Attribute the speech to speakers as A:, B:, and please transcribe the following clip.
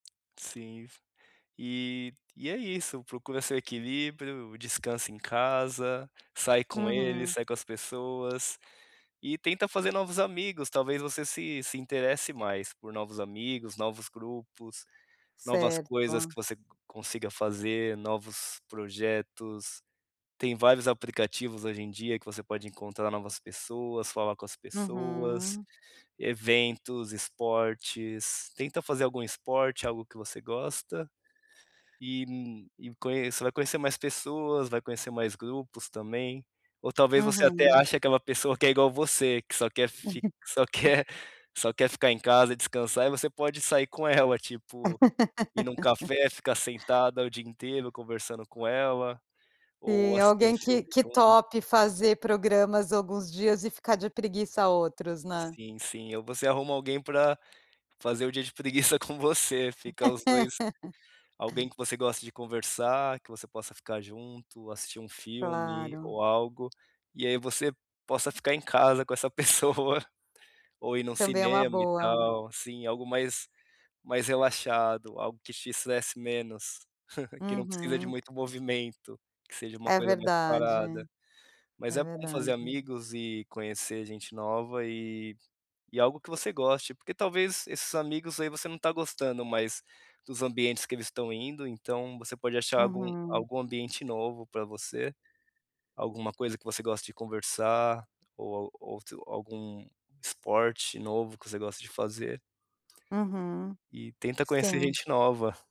A: Sim. E e é isso, procura seu equilíbrio, descansa em casa, sai com ele,
B: Uhum.
A: sai com as pessoas, e tenta fazer novos amigos talvez você se se interesse mais por novos amigos, novos grupos, novas coisas
B: Certo.
A: que você co consiga fazer, novos projetos, tem vários aplicativos hoje em dia que você pode encontrar novas pessoas, falar com as pessoas,
B: Uhum.
A: eventos, esportes, tenta fazer algum esporte, algo que você gosta, e conheça vai conhecer mais pessoas, vai conhecer mais grupos também, ou talvez você até
B: Uhum.
A: ache aquela pessoa que é igual você, que só quer fic que só quer só quer ficar em casa e descansar e você pode sair com ela tipo, ir num café, ficar sentada o dia inteiro conversando com ela, ou
B: Sim
A: assistir um
B: alguém
A: filme
B: que que
A: junto.
B: tope fazer programas alguns dias e ficar de preguiça a outros, né.
A: Sim, sim ou você arruma alguém para fazer o dia de preguiça com você, fica os dois alguém que você goste de conversar, que você possa ficar junto, assistir um filme
B: Claro.
A: ou algo, e aí você possa ficar em casa com essa pessoa, ou ir num
B: Também é uma
A: cinema e
B: boa.
A: tal assim algo mais mais relaxado, algo que te estresse menos, que não precisa de
B: Uhum.
A: muito movimento, que seja uma
B: É
A: coisa mais
B: verdade,
A: parada. Mas
B: é
A: é bom fazer
B: verdade.
A: amigos e conhecer gente nova e e algo que você goste porque talvez esses amigos aí você não está gostando mais dos ambientes que eles estão indo, então você pode achar algum
B: Uhum.
A: algum ambiente novo para você, alguma coisa que você goste de conversar, ou outro ou algum esporte novo que você goste de fazer.
B: Uhum,
A: E tenta conhecer
B: sim.
A: gente nova.